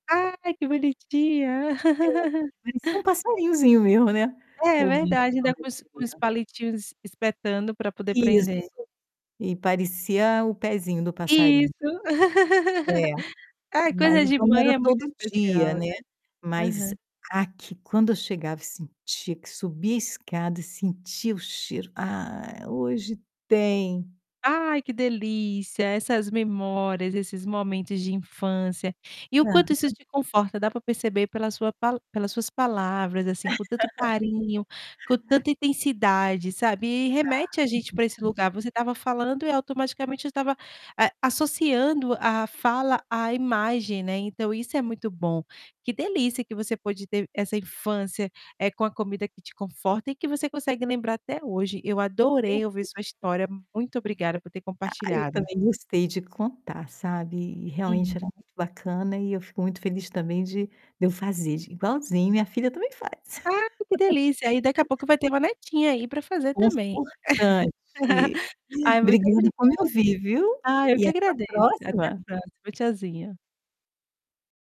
Ai, que bonitinha! É. Parecia um passarinhozinho mesmo, né, É ouvi verdade, fala ainda com os isso com os dela. palitinhos es espetando pra poder Isso. prender. E parecia o pezinho do passarinho. Isso. É. Ai, Mas coisa de então, não mãe era é muito todo dia, especial, né. né, mas Aham. aqui quando eu chegava e sentia que subia escada e sentia o cheiro: "Ah, hoje tem". Ai, que delícia, essas memórias, esses momentos de infância, e o quanto isso Aham. te conforta, dá para perceber pela sua pala pelas suas palavras assim, com tanto carinho, com tanta intensidade, sabe. E Tá, remete a gente muito para esse bom. lugar, você estava falando e automaticamente eu estava, eh, associando a fala à imagem, né, então, isso é muito bom, que delícia que você pode ter essa infância, eh, com a comida que te conforta e que você consegue lembrar até hoje, eu Tempo isso adorei ouvir sua história, muito obrigada por ter Ah, eu compartilhado. também gostei de contar, sabe. E, Uhum. realmente era muito bacana e eu fico muito feliz também de de eu fazer de igualzinho minha filha também faz. Ah, que delícia, aí daqui a pouco vai ter uma netinha aí, pra fazer também. Confortante. E, Ai, muito obrigada obrigada. por me ouvir, viu. Ah, eu E que até a agradeço, até a próxima. próxima. Tchauzinho.